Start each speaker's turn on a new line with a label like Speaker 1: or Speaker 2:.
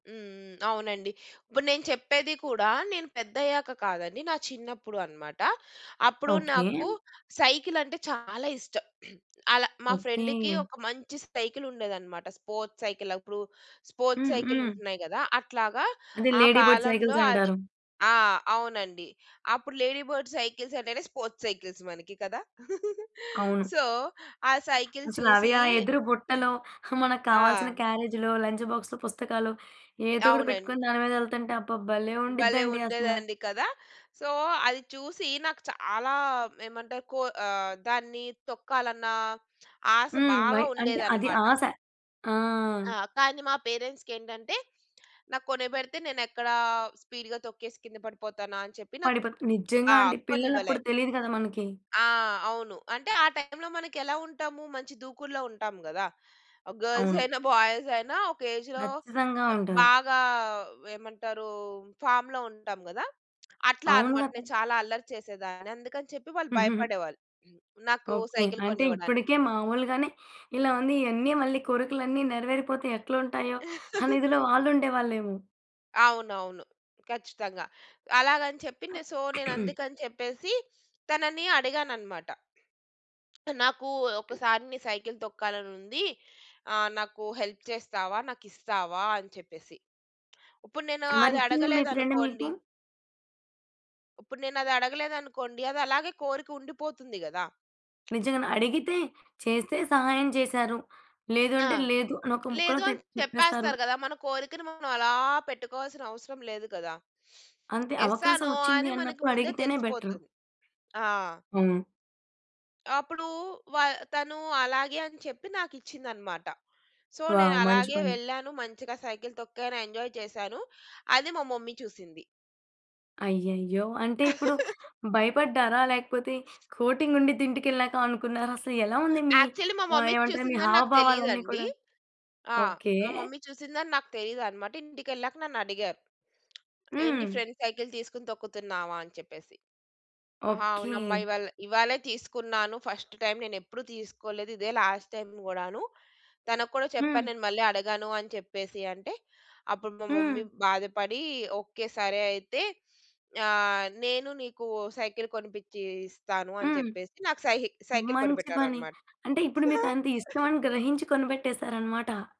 Speaker 1: హ్మ్. హ్మ్. అవునండి. ఇప్పుడు నేను చెప్పేది కూడా నేను పెద్దయ్యాక కాదండి నా చిన్నప్పుడు అన్నమాట. అప్పుడు
Speaker 2: ఓకే.
Speaker 1: నాకు సైకిలంటే చాలా ఇష్టం. అలా మా ఫ్రెండుకి
Speaker 2: ఓకే.
Speaker 1: ఒక మంచి సైకిలుండేదన్నమాట. Sports cycle. అప్పుడు స్పోర్ట్స్
Speaker 2: హ్మ్.
Speaker 1: Cycle
Speaker 2: hmm.
Speaker 1: ఉంటున్నాయి గదా! అట్లాగా
Speaker 2: అది
Speaker 1: ఆ
Speaker 2: లేడీ బర్డ్
Speaker 1: కాలంలో
Speaker 2: సైకిల్స్
Speaker 1: అది
Speaker 2: అంటారు.
Speaker 1: ఆ! అవునండి. అప్పుడు లేడీ బర్డ్ సైకిల్స్ అంటేనే స్పోర్ట్స్ సైకిల్స్ మనకి కదా!
Speaker 2: అవును.
Speaker 1: సో ఆ సైకిల్
Speaker 2: అసల అవి
Speaker 1: చూసి
Speaker 2: ఆ ఎదురు బుట్టలో, మనకు
Speaker 1: ఆ!
Speaker 2: కావాల్సిన క్యారేజ్‌లో, లంచ్ బాక్స్‌లో, పుస్తకాలో ఏదోకటి
Speaker 1: అవునండి.
Speaker 2: పెట్టుకొని దాని మీదెళ్తుంటే అబ్బా! భలే
Speaker 1: భలే
Speaker 2: ఉండిద్దండి అసల.
Speaker 1: ఉండేదండి కదా! సో, అది చూసి నాకు చాలా ఏమంటారు కో ఆహ్, దాన్ని తొక్కాలన్నా ఆశ
Speaker 2: హ్మ్. బై
Speaker 1: బాగా
Speaker 2: అంటే అది
Speaker 1: ఉండేదన్నమాట.
Speaker 2: ఆశ. ఆ!
Speaker 1: ఆ! కానీ మా పేరెంట్సుకేంటంటే నాకు కొనిపెడితే నేనెక్కడ స్పీడ్‌‌గా తొక్కేసి కింద పడిపోతానా. అని చెప్పి నాకు
Speaker 2: పడిపో నిజంగా
Speaker 1: ఆ!
Speaker 2: అండి. పిల్లలు
Speaker 1: కొనివ్వలే.
Speaker 2: అప్పుడు తెలియదు గదా! మనకి.
Speaker 1: ఆ! అవును. అంటే ఆ టైంలో మనకెలా ఉంటాము? మంచి దూకుడులో ఉంటాము గదా! గర్ల్స్
Speaker 2: అవును.
Speaker 1: అయినా, బాయ్స్ అయినా ఒక ఏజ్‌లో
Speaker 2: ఖచ్చితంగా ఉంటారు.
Speaker 1: బాగా ఏమంటారు ఫార్మ్‌లో ఉంటాం గదా! అట్లా
Speaker 2: అవును
Speaker 1: అన్నమాట.
Speaker 2: గదా!
Speaker 1: నేను చాలా అల్లరి చేసేదాన్ని. అందుకని చెప్పి వాళ్ళు భయపడేవాళ్ళు. నాకు
Speaker 2: ఓకే.
Speaker 1: సైకిల్
Speaker 2: అంటే
Speaker 1: కొనివ్వడానికి.
Speaker 2: ఇప్పడికే మాములుగానే ఇలా ఉంది. ఇయన్నీ మళ్ళీ కోరికలన్నీ నెరవేరిపోతే ఎట్లుంటాయో అనేదిలో వాళ్ళు ఉండేవాళ్ళేమో!
Speaker 1: అవునవును. ఖచ్చితంగా. అలాగని చెప్పి నె సో, నేను అందుకని చెప్పేసి తనని అడిగానన్నమాట. నాకు ఒ ఒకసారి నీ సైకిలు తొక్కాలనుంది. ఆహ్, నాకు హెల్ప్ చేస్తావా? నాకిస్తావా? అని చెప్పేసి. ఉప్పుడు నేను
Speaker 2: మరిచ్చిందా మీ ఫ్రెండ్
Speaker 1: అదడగలేదనుకోండి...
Speaker 2: మీకు?
Speaker 1: ఉప్పుడు నేనదడగలేదనుకోండి, అది అలాగే కోరికుండిపోతుంది గదా!
Speaker 2: నిజంగానే అడిగితే చేస్తే సహాయం చేసారు. లేదు
Speaker 1: ఆ!
Speaker 2: అంటే లేదు అని ఒక ముక్కలో
Speaker 1: లేదు అని
Speaker 2: తేప్ చెప్పేస్తారు.
Speaker 1: చెప్పేస్తారు గదా! మన కోరికని మనం అలా పెట్టుకోవాల్సిన అవసరం లేదు కదా!
Speaker 2: అంతే.
Speaker 1: ఎస్ ఆ?
Speaker 2: అవకాశం
Speaker 1: నో ఆ?
Speaker 2: ఒచ్చింది
Speaker 1: అని మనకు
Speaker 2: అన్నప్పుడు
Speaker 1: ముందే
Speaker 2: అడిగితేనే బెటరు.
Speaker 1: తెలిసిపోతది. ఆ!
Speaker 2: అవును.
Speaker 1: అప్పుడు వ తను అలాగే అని చెప్పి నాకిచ్చిందన్నమాట. సో, నేను
Speaker 2: వావ్! మంచి
Speaker 1: అలాగే
Speaker 2: పని.
Speaker 1: వెళ్ళాను, మంచిగా సైకిలు తొక్కాను, ఎంజాయ్ చేశాను, అది మా మమ్మీ చూసింది.
Speaker 2: అయ్యయ్యో! అంటే ఇప్పుడు భయపడ్డారా? లేకపోతే కోటింగ్ ఉండిద్ది ఇంటికెళ్ళాక అనుకున్నారా? అసలెలా
Speaker 1: ఆ!
Speaker 2: ఉంది మీ
Speaker 1: యాక్చువల్లీ మా
Speaker 2: ఆహ్,
Speaker 1: మమ్మీ
Speaker 2: ఏమంటారు మీ
Speaker 1: చూసిందని నాకు
Speaker 2: హావభావాలన్నీ
Speaker 1: తెలీదండి.
Speaker 2: కూడా?
Speaker 1: ఆ!
Speaker 2: ఓకే.
Speaker 1: మా మమ్మీ చూసిందని నాకు తెలీదన్నమాట. ఇంటికెళ్ళాక నన్నడిగారు. "ఏంటి
Speaker 2: హ్మ్.
Speaker 1: ఫ్రెండ్ సైకిల్ తీసుకొని తొక్కుతున్నావా?" అని చెప్పేసి. ఆ! అవునమ్మా
Speaker 2: ఓకే.
Speaker 1: ఇవాళ ఇవ్వాళే తీసుకున్నాను. ఫస్ట్ టైమ్ నేనెప్పుడూ తీసుకోలేదు. ఇదే లాస్ట్ టైమ్ గూడాను. తనకు కూడా చెప్పాను
Speaker 2: హ్మ్.
Speaker 1: నేను మళ్ళీ అడగను అని చెప్పేసి అంటే, అప్పుడు మా
Speaker 2: హ్మ్.
Speaker 1: మమ్మీ బాధపడి "ఓకే. సరే అయితే ఆహ్, నేను నీకు ఓ సైకిలు కొనిపిచ్చి ఇస్తాను." అని
Speaker 2: హ్మ్.
Speaker 1: చెప్పేసి నాకు సైహి సైకిలు
Speaker 2: మంచి పని.
Speaker 1: కొనిపెట్టారన్నమాట.
Speaker 2: అంటే ఇప్పుడు మీకంత ఇష్టమని గ్రహించి కొనిపెట్టేసారన్నమాట.